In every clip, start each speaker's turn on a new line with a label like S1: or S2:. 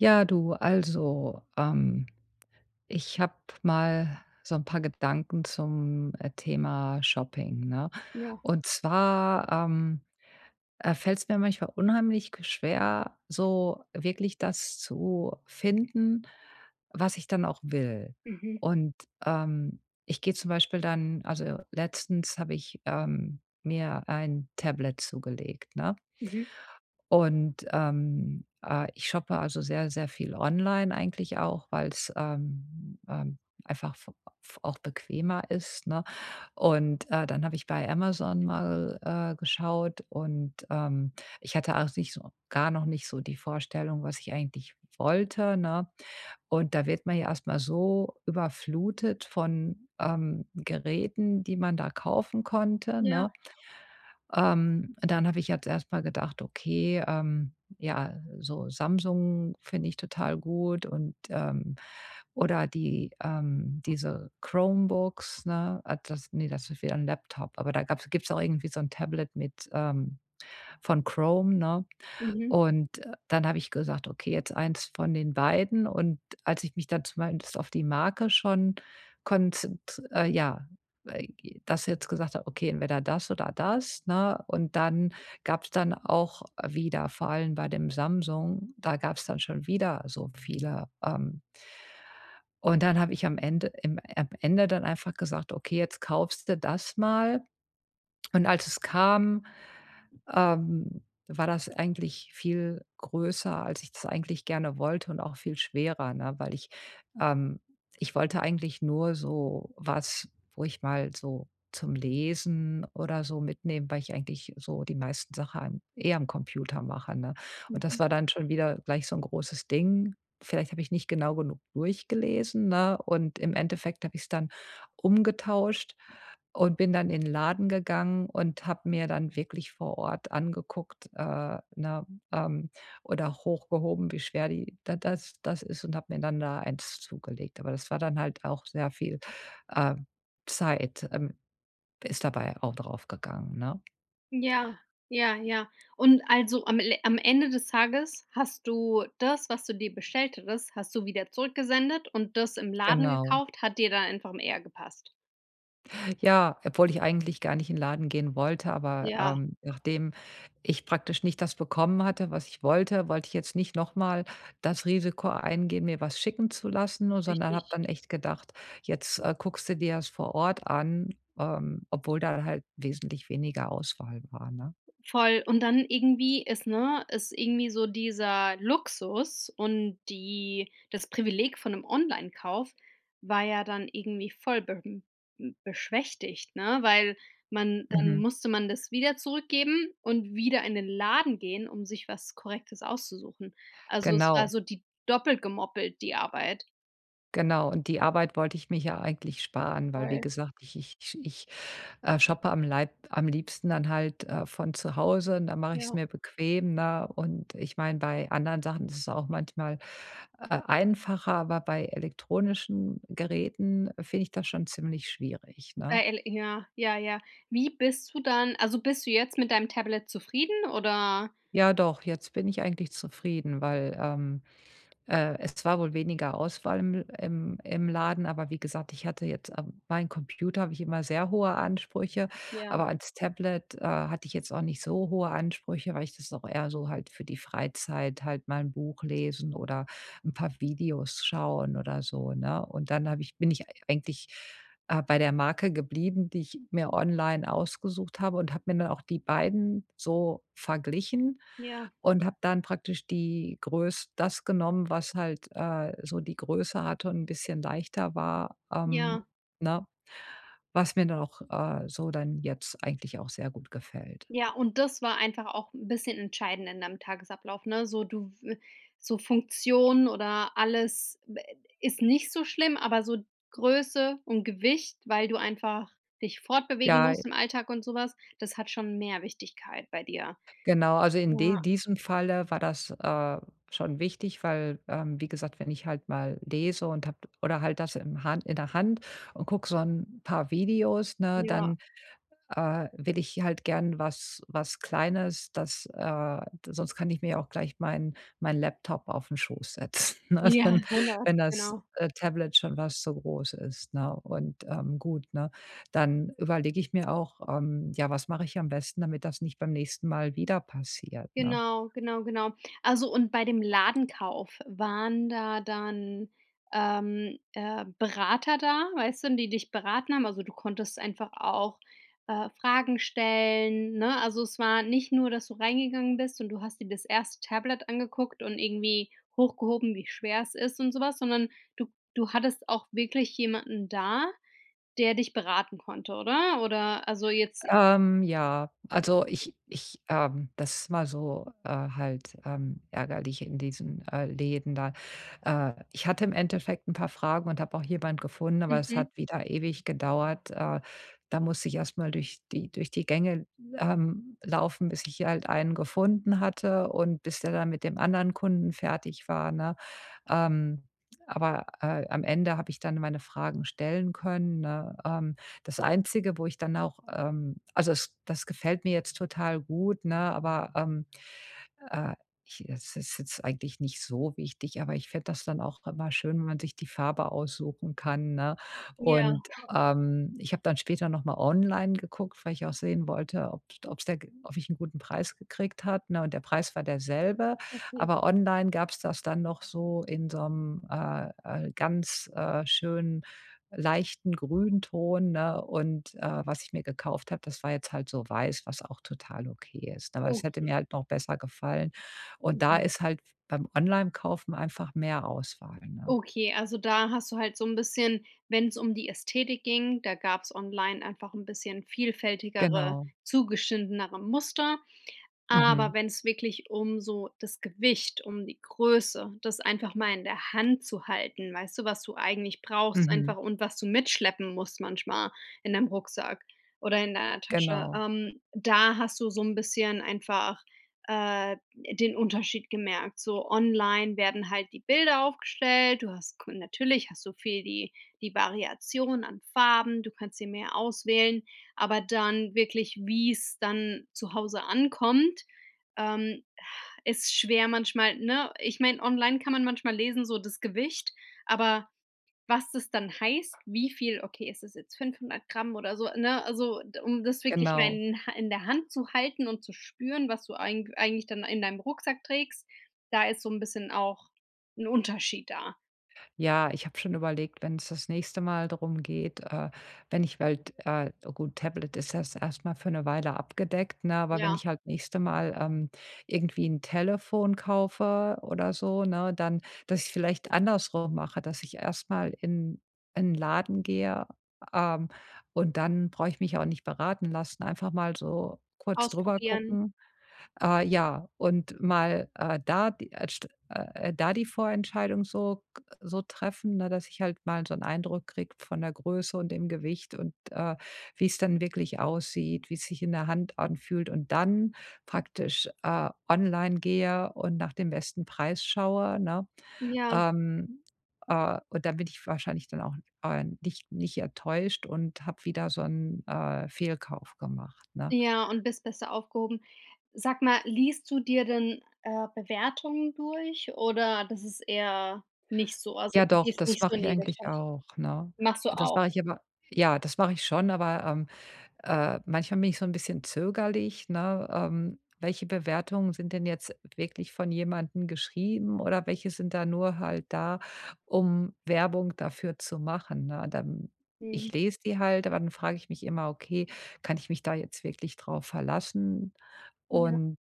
S1: Ja, du. Also, ähm, ich habe mal so 'n paar Gedanken zum, äh, Thema Shopping, ne?
S2: Ja.
S1: Und zwar, ähm, äh, fällt's mir manchmal unheimlich g schwer, so wirklich das zu finden, was ich dann auch will.
S2: Mhm.
S1: Und, ähm, ich gehe zum Beispiel dann also letztens habe ich, ähm, mir ein Tablet zugelegt, ne?
S2: Mhm.
S1: Und, ähm, äh, ich shoppe also sehr, sehr viel online eigentlich auch, weil's, ähm ähm, einfach f f auch bequemer ist, ne? Und, äh, dann habe ich bei Amazon mal, äh, geschaut und, ähm, ich hatte auch nicht so gar noch nicht so die Vorstellung, was ich eigentlich wollte, ne? Und da wird man ja erstmal so überflutet von, ähm, Geräten, die man da kaufen konnte,
S2: Ja.
S1: ne? Ähm, dann habe ich jetzt erstmal gedacht: „Okay, ähm. Ja, so Samsung finde ich total gut.” Und, ähm oder die, ähm, diese Chromebooks, ne ah, das, ne, das ist wieder 'n Laptop. Aber da gab's gibt's auch irgendwie so 'n Tablet mit ähm, von Chrome, ne?
S2: Mhm.
S1: Und dann habe ich gesagt: „Okay, jetzt 1 von den beiden.” Und als ich mich dann zumindest auf die Marke schon konzent äh, ja, äh, g das jetzt gesagt habe: „Okay, entweder das oder das”, ne? Und dann gab's dann auch wieder, vor allem bei dem Samsung, da gab's dann schon wieder so viele, ähm. Und dann habe ich am Ende im ähm, am Ende dann einfach gesagt: „Okay, jetzt kaufst du das mal.” Und als es kam, ähm, war das eigentlich viel größer, als ich das eigentlich gerne wollte und auch viel schwerer, ne? Weil ich ähm, ich wollte eigentlich nur so was, wo ich mal so zum Lesen oder so mitnehme, weil ich eigentlich so die meisten Sachen eh am Computer mache, ne? Und
S2: Mhm.
S1: das war dann schon wieder gleich so 'n großes Ding. Vielleicht habe ich nicht genau genug durchgelesen, ne? Und im Endeffekt habe ich es dann umgetauscht und bin dann in 'n Laden gegangen und habe mir dann wirklich vor Ort angeguckt, äh, ne ähm, oder hochgehoben, wie schwer die da das das ist und habe mir dann da 1 zugelegt. Aber das war dann halt auch sehr viel, ähm, Zeit ähm, ist dabei auch draufgegangen, ne?
S2: Ja, ja, ja. Und also am le am Ende des Tages hast du das, was du dir bestellt hattest, hast du wieder zurückgesendet und das im Laden
S1: Genau.
S2: gekauft, hat dir da einfach m eher gepasst?
S1: Ja, obwohl ich eigentlich gar nicht in Laden gehen wollte, aber,
S2: Ja.
S1: ähm, nachdem ich praktisch nicht das bekommen hatte, was ich wollte, wollte ich jetzt nicht noch mal das Risiko eingehen, mir was schicken zu lassen, o sondern habe
S2: Richtig.
S1: dann echt gedacht: „Jetzt, äh, guckst du dir's vor Ort an”, ähm, obwohl da halt wesentlich weniger Auswahl war, ne?
S2: Voll, und dann irgendwie ist, ne ist irgendwie so dieser Luxus und die das Privileg von 'nem Online-Kauf war ja dann irgendwie voll be hm, beschwächtigt, ne, weil man dann
S1: Mhm.
S2: musste man das wieder zurückgeben und wieder in den Laden gehen, um sich was Korrektes auszusuchen. Also, es war
S1: Genau.
S2: so die doppelt gemoppelt, die Arbeit.
S1: Genau. Und die Arbeit wollte ich mir hier eigentlich sparen, weil, wie
S2: Voll.
S1: gesagt, ich ich ich, äh, shoppe am Leib am liebsten dann halt, äh, von zu Hause, und dann mache ich es
S2: Ja.
S1: mir bequem, ne? Und ich meine, bei anderen Sachen ist es auch manchmal, äh, einfacher, aber bei elektronischen Geräten finde ich das schon ziemlich schwierig, ne?
S2: Bei El ja, ja, ja. Wie bist du dann also, bist du jetzt mit deinem Tablet zufrieden, oder?
S1: Ja doch. Jetzt bin ich eigentlich zufrieden, weil, ähm, äh, es war wohl weniger Auswahl im L im im Laden, aber wie gesagt, ich hatte jetzt, ähm meinen Computer habe ich immer sehr hohe Ansprüche.
S2: Ja.
S1: Aber ans Tablet, äh, hatte ich jetzt auch nicht so hohe Ansprüche, weil ich das auch eher so halt für die Freizeit, halt mal 'n Buch lesen oder 'n paar Videos schauen oder so, ne? Und dann habe ich bin ich eigentlich, äh, bei der Marke geblieben, die ich mir online ausgesucht habe, und habe mir dann auch die beiden so verglichen
S2: Ja.
S1: und habe dann praktisch die Größ das genommen, was halt, äh, so die Größe hatte und 'n bisschen leichter war, ähm
S2: Ja.
S1: ne? Was mir dann auch, äh, so dann jetzt eigentlich auch sehr gut gefällt.
S2: Ja, und das war einfach auch 'n bisschen entscheidend in deinem Tagesablauf, ne, so du w so Funktionen oder alles, wä ist nicht so schlimm, aber so Größe und Gewicht, weil du einfach dich fortbewegen
S1: Ja,
S2: musst
S1: i
S2: im Alltag und sowas, das hat schon mehr Wichtigkeit bei dir?
S1: Genau. Also, in
S2: Ja.
S1: de diesem Falle war das, äh, schon wichtig, weil, ähm, wie gesagt, wenn ich halt mal lese und habe oder halt das im in der Hand und gucke so 'n paar Videos, ne,
S2: Ja.
S1: dann, äh, will ich halt gern was was Kleines, das, äh sonst kann ich mir auch gleich mein mein Laptop aufn Schoss setzen, ne?
S2: Ja,
S1: Dann,
S2: 100,
S1: wenn das,
S2: genau.
S1: äh, Tablet schon fast so groß ist, ne? Und, ähm, gut, ne? Dann überlege ich mir auch, ähm, ja, was mache ich am besten, damit das nicht beim nächsten Mal wieder passiert, ne?
S2: Genau, genau, genau. Also, und bei dem Ladenkauf waren da dann, ähm, äh, Berater da, weißt du, die dich beraten haben, also, du konntest einfach auch, äh, Fragen stellen, ne? Also, es war nicht nur, dass du reingegangen bist und du hast dir das erste Tablet angeguckt und irgendwie hochgehoben, wie schwer es ist und so was, sondern du du hattest auch wirklich jemanden da, der dich beraten konnte, oder? Oder, also, jetzt
S1: Ähm, ja. Also, ich ich, ähm das ist immer so, äh, halt, ähm, ärgerlich in diesen, äh, Läden da. Äh, ich hatte im Endeffekt 'n paar Fragen und habe auch jemanden gefunden, aber es
S2: Mhm.
S1: hat wieder ewig gedauert. Äh, da musste ich erstmal durch die durch die Gänge, ähm, laufen, bis ich hier halt einen gefunden hatte und bis der dann mit dem anderen Kunden fertig war, ne? Ähm. Aber, äh, am Ende habe ich dann meine Fragen stellen können, ne, ähm. Das Einzige, wo ich dann auch ähm, also, das das gefällt mir jetzt total gut, ne, aber, ähm, äh, ich es ist jetzt eigentlich nicht so wichtig, aber ich fände das dann auch immer schön, wenn man sich die Farbe aussuchen kann, ne?
S2: Ja.
S1: Und, ähm, ich habe dann später nochmal online geguckt, weil ich auch sehen wollte, ob ob 's da ob ich 'n guten Preis gekriegt hat, ne, und der Preis war derselbe.
S2: Okay.
S1: Aber online gab's das dann noch so in so 'nem, äh, äh, ganz, äh, schönen leichten Grünton, ne, und, äh, was ich mir gekauft habe, das war jetzt halt so weiß, was auch total okay ist, aber das hätte
S2: Okay.
S1: mir halt noch besser gefallen. Und da
S2: Mhm.
S1: ist halt beim Onlinekaufen einfach mehr Auswahl, ne?
S2: Okay, also, da hast du halt so 'n bisschen wenn's um die Ästhetik ging, da gab's online einfach ein bisschen vielfältigere,
S1: Genau.
S2: zugeschnittenere Muster.
S1: Mhm.
S2: Aber wenn's wirklich um so das Gewicht, um die Größe, das einfach mal in der Hand zu halten, weißt du, was du eigentlich brauchst
S1: Mhm.
S2: einfach und was du mitschleppen musst manchmal in deinem Rucksack oder in deiner Tasche,
S1: Genau.
S2: ähm, da hast du so 'n bisschen einfach, äh, den Unterschied gemerkt. So online werden halt die Bilder aufgestellt, du hast ko natürlich hast du viel die die Variation an Farben, du kannst sie mehr auswählen, aber dann wirklich, wie's dann zu Hause ankommt, ähm, ach, ist schwer manchmal, ne? Ich meine, online kann man manchmal lesen, so das Gewicht, aber was das dann heißt, wie viel okay, ist das jetzt 500 g oder so, ne, also, d um das wirklich mal
S1: Genau.
S2: in in der Hand zu halten und zu spüren, was du eig eigentlich dann in deinem Rucksack trägst, da ist so 'n bisschen auch 'n Unterschied da.
S1: Ja, ich habe schon überlegt, wenn's das nächste Mal drum geht, äh, wenn ich halt äh, gut, Tablet ist jetzt erstmal für 'ne Weile abgedeckt, ne? Aber wenn
S2: Ja.
S1: ich halt nächste Mal, ähm, irgendwie 'n Telefon kaufe oder so, ne, dann dass ich es vielleicht andersrum mache. Dass ich erstmal in in Laden gehe, ähm, und dann brauche ich mich auch nicht beraten lassen. Einfach mal so kurz
S2: Ausprobieren.
S1: drübergucken. Äh, ja, und mal, äh, da die, äh, st äh, da die Vorentscheidung so g so treffen, ne, dass ich halt mal so 'n Eindruck kriege von der Größe und dem Gewicht und, äh, wie's dann wirklich aussieht, wie's sich in der Hand anfühlt und dann praktisch, äh, online gehe und nach dem besten Preis schaue, ne?
S2: Ja.
S1: Ähm, äh, und dann bin ich wahrscheinlich dann auch, äh, nicht nicht enttäuscht und habe wieder so 'n, äh, Fehlkauf gemacht, ne?
S2: Ja, und bist besser aufgehoben. Sag mal, liest du dir denn, äh, Bewertungen durch, oder das ist eher nicht so? Also,
S1: Ja
S2: du
S1: doch,
S2: gehst
S1: das
S2: nicht so
S1: mache
S2: in
S1: ich
S2: die
S1: eigentlich
S2: Richtung?
S1: auch, ne?
S2: Machst du
S1: Äh, das
S2: auch.
S1: mache ich aber ja, das mache ich schon, aber, ähm, äh, manchmal bin ich so 'n bisschen zögerlich, ne? Ähm. Welche Bewertungen sind denn jetzt wirklich von jemandem geschrieben oder welche sind da nur halt da, um Werbung dafür zu machen, ne? Dann ich
S2: Mhm.
S1: lese die halt, aber dann frage ich mich immer: „Okay, kann ich mich da jetzt wirklich drauf verlassen?”
S2: Ja.
S1: Und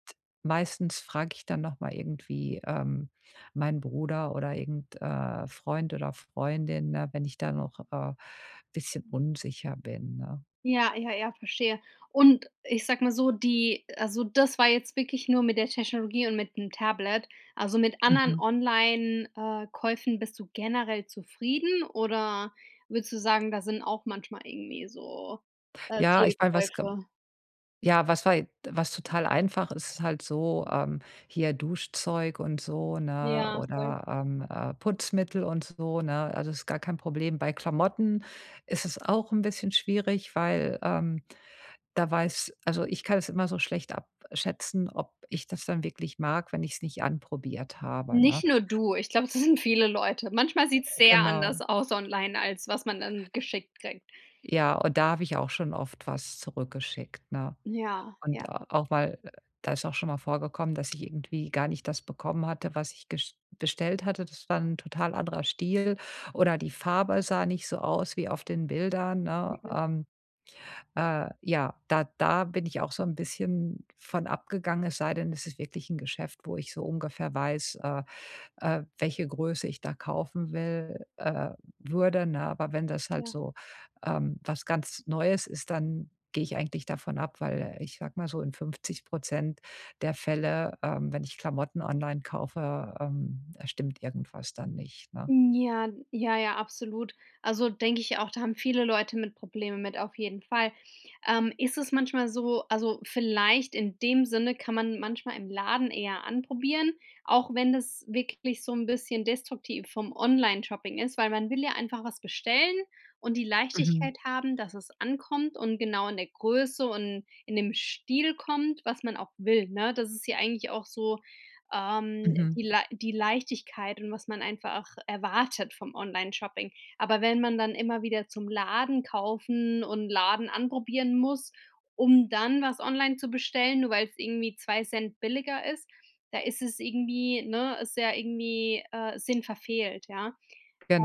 S1: meistens frage ich dann nochmal irgendwie, ähm, meinen Bruder oder irgend äh, Freund oder Freundin, ne, wenn ich da noch, äh, bisschen unsicher bin, ne?
S2: Ja, ja, ja, verstehe. Und ich sage mal so, die also das war jetzt wirklich nur mit der Technologie und mit 'nem Tablet. Also mit anderen
S1: Mhm.
S2: Online äh, Käufen bist du generell zufrieden oder würdest du sagen, da sind auch manchmal irgendwie so, äh,
S1: Ja, ich meine, was ge
S2: Fehlkäufe?
S1: ja, was war je was total einfach ist, ist halt so, ähm, hier Duschzeug und so, ne,
S2: Ja, voll.
S1: oder, ähm, äh, Putzmittel und so, ne? Also, das ist gar kein Problem. Bei Klamotten ist es auch 'n bisschen schwierig, weil, ähm, da weiß also, ich kann es immer so schlecht abschätzen, ob ich das dann wirklich mag, wenn ich's nicht anprobiert habe,
S2: Nicht
S1: ne?
S2: nur du, ich glaube, das sind viele Leute. Manchmal sieht's sehr
S1: Genau.
S2: anders aus online, als was man dann geschickt kriegt.
S1: Ja, und da habe ich auch schon oft was zurückgeschickt, ne?
S2: Ja,
S1: Und
S2: ja.
S1: auch mal äh, da ist auch schon mal vorgekommen, dass ich irgendwie gar nicht das bekommen hatte, was ich gest bestellt hatte. Das war 'n total anderer Stil oder die Farbe sah nicht so aus wie auf den Bildern, ne?
S2: Mhm.
S1: Ähm, äh, ja, da da bin ich auch so 'n bisschen von abgegangen, es sei denn, es ist wirklich 'n Geschäft, wo ich so ungefähr weiß, äh, äh, welche Größe ich da kaufen will äh, würde, ne? Aber wenn das halt
S2: Ja.
S1: so, ähm, was ganz Neues ist, dann gehe ich eigentlich davon ab, weil ich sage mal so in 50 % der Fälle, ähm, wenn ich Klamotten online kaufe, ähm, stimmt irgendwas dann nicht, ne?
S2: Hm, ja, ja, ja, absolut. Also denke ich auch, da haben viele Leute mit Probleme mit, auf jeden Fall. Ähm, ist es manchmal so also vielleicht in dem Sinne kann man manchmal im Laden eher anprobieren, auch wenn das wirklich so 'n bisschen destruktiv vom Online-Shopping ist, weil man will ja einfach was bestellen und die
S1: Mhm.
S2: Leichtigkeit haben, dass es ankommt und genau in der Größe und in dem Stil kommt, was man auch will, ne? Das ist ja eigentlich auch so, ähm,
S1: Mhm.
S2: die Lei die Leichtigkeit und was man einfach erwartet vom Online-Shopping. Aber wenn man dann immer wieder zum Laden kaufen und Laden anprobieren muss, um dann was online zu bestellen, nur weil's irgendwie 2 ct billiger ist, da ist es irgendwie ne, ist ja irgendwie, äh, Sinn verfehlt, ja.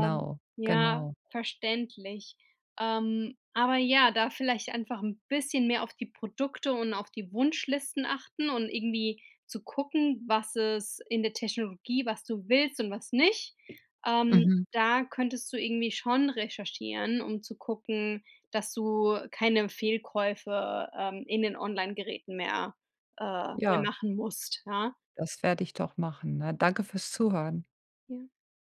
S2: Ähm, ja,
S1: genau.
S2: verständlich. Ähm, aber ja, da vielleicht einfach 'n bisschen mehr auf die Produkte und auf die Wunschlisten achten und irgendwie zu gucken, was es in der Technologie, was du willst und was nicht. Ähm,
S1: Mhm.
S2: da könntest du irgendwie schon recherchieren, um zu gucken, dass du keine Fehlkäufe, ähm, in den Online-Geräten mehr äh, mehr
S1: Ja.
S2: machen musst, ja.
S1: Das werde ich doch machen, ne? Danke fürs Zuhören.
S2: Ja.